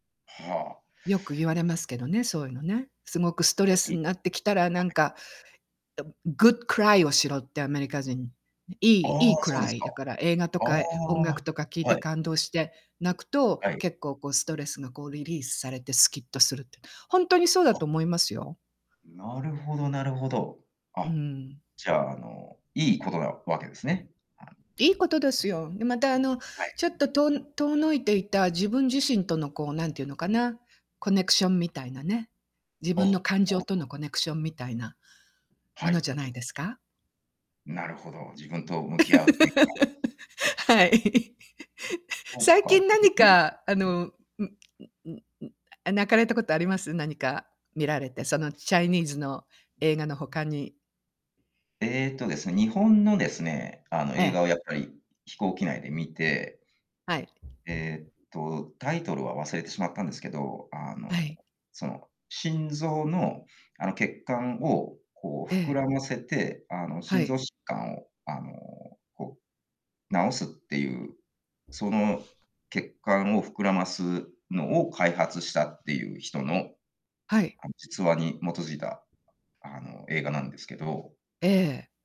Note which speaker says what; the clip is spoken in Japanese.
Speaker 1: はあ。
Speaker 2: よく言われますけどね、そういうのね。すごくスト
Speaker 1: [unintelligible] は
Speaker 2: レス
Speaker 1: い。
Speaker 2: になってきたらなんか、と good cry をしろってアメリカ人に。い
Speaker 1: あ
Speaker 2: いい
Speaker 1: あ、
Speaker 2: い
Speaker 1: そうです
Speaker 2: cry
Speaker 1: か。
Speaker 2: だから映画と
Speaker 1: ああ、
Speaker 2: か音楽とか聞いて
Speaker 1: はい。
Speaker 2: 感動して泣くと、
Speaker 1: はい。
Speaker 2: 結構こうストレスがこうリリースされてスキッとするって、本当にそうだ
Speaker 1: あ。
Speaker 2: と思いますよ。
Speaker 1: なるほどなるほど。
Speaker 2: う
Speaker 1: あ、
Speaker 2: ん。
Speaker 1: じゃああのいいことなわけですね。はい。
Speaker 2: いいことですよ。でまたあの
Speaker 1: はい。
Speaker 2: ちょっととおの遠のいていた自分自身とのこう何て言うのかな、コネクションみたいなね、自
Speaker 1: あ、な
Speaker 2: 分
Speaker 1: る
Speaker 2: の感情
Speaker 1: ほ
Speaker 2: と
Speaker 1: ど。
Speaker 2: のコネクションみたいな。
Speaker 1: は
Speaker 2: ものじ
Speaker 1: い。
Speaker 2: ゃないですか？
Speaker 1: なるほど、自分と向き合うというか。
Speaker 2: はい。
Speaker 1: そっ
Speaker 2: 最
Speaker 1: か。
Speaker 2: 近何
Speaker 1: [unintelligible]
Speaker 2: かあの、
Speaker 1: で。
Speaker 2: んんんん泣かれたことあります？何か見られて、そのチャイニーズの映画の他に。
Speaker 1: えっとですね、日本のですね、あの
Speaker 2: え
Speaker 1: 映画を
Speaker 2: え。
Speaker 1: やっぱり飛行機内で見て
Speaker 2: はい。
Speaker 1: えっとタイトルは忘れてしまったんですけど、あ
Speaker 2: は
Speaker 1: の
Speaker 2: い。
Speaker 1: その心臓のあの血管をこう
Speaker 2: え
Speaker 1: 膨
Speaker 2: え。
Speaker 1: らませて、あの
Speaker 2: は
Speaker 1: 心臓
Speaker 2: い。
Speaker 1: 疾患をあのこう治すっていう、その血管を膨らますのを開発したっていう人の
Speaker 2: はい。
Speaker 1: あの実話に基づいたあの映画なんですけど。
Speaker 2: ええ。